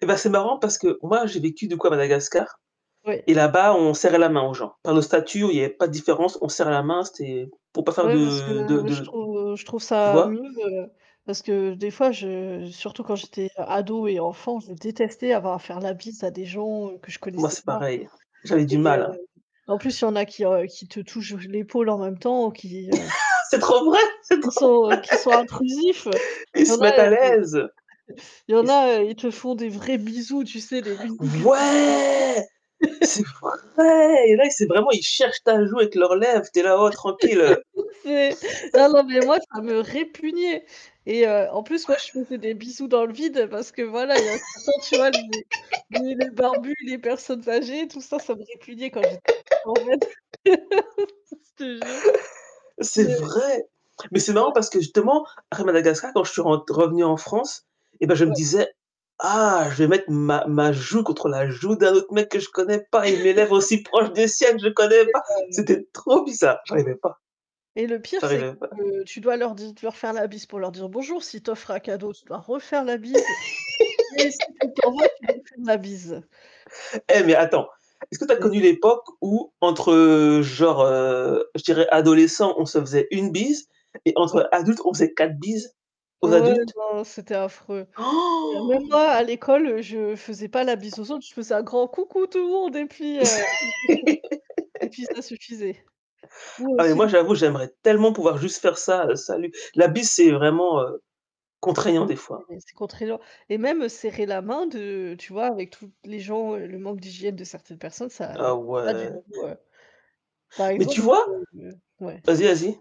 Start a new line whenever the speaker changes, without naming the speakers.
Et bah c'est marrant parce que moi j'ai vécu du coup à Madagascar
Ouais.
et là-bas, on serrait la main aux gens. Par le statut où il y avait pas de différence, on serre la main, c'est pour pas faire
Ouais, parce que,
de
heu,
de
moi, je
de
trouve, heu, je trouve
tu
ça,
vois?
[unintelligible] parce que des fois je surtout quand j'étais ado et enfant, je détestais avoir à faire la bise à des gens, heu, que je
Moi,
connaissais
c'est
pas
pareil, j'avais du
et heu,
mal.
en plus il y en a qui qui te touchent l'épaule en même temps, qui, heu
C'est trop vrai, c'est
qui
trop
sont qui sont intrusifs.
vrai. Ils
Il y en
se
a
mettent à
[unintelligible]
l'aise.
il y
Ils
en
se
a, ils te font des vrais bisous, tu sais, des bisous qui font du
Ouais c'est
bruit.
vrai et là, c'est vraiment, ils cherchent ta joue avec leurs lèvres, tu es là: «Oh tranquille».
C'est ah non mais moi, ça me répugnait et heu, en plus moi je faisais des
[unintelligible]
bisous dans le vide, parce que voilà, il y en a certains, tu vois les les les barbus, les personnes âgées, tout ça, ça me répugnait quand j'étais en fait. Je te jure. Je
C'est vrai. Mais c'est marrant
Ouais.
parce que justement, à Madagascar, quand je suis rentr revenue en France, eh bah je me
Ouais.
disais: «Ah je vais mettre ma ma joue contre la joue d'un autre mec que je connais pas et mes lèvres aussi proches des
Ouais.
siennes, je connais
C'est
pas.
heu
C'était trop bizarre». J'arrivais pas.
Et le pire c'est
J'arrivais pas.
que tu dois leur di leur faire la bise pour leur dire «bonjour» s'ils t'offrent un cadeau, tu dois refaire la bise et même si tu t'en moques tu dois leur faire la bise.
Eh mais attends, est-ce que tu as connu
[unintelligible]
l'époque où entre, heu, genre, heu, je dirais adolescents, on se faisait 1 bise et
Ouais.
entre adultes on faisait 4 bises
Ah
aux
ouais,
adultes?
ben, c'était affreux. Même moi à l'école, je faisais pas la bise aux autres, je faisais un grand coucou tout le monde et puis heu et puis ça suffisait. Ou heu
Ah mais moi
sinon
j'avoue, j'aimerais tellement pouvoir juste faire ça, salut. La bise, c'est vraiment, heu, contraignant des fois.
Oui, c'est contraignant et même serrer la main de tu vois, avec tous les gens, le manque d'hygiène de certaines personnes, ça va
Ah
pas du
ouais.
tout heu par
Mais tu
exemple,
vois
heu ouais.
vas-y, vas-y.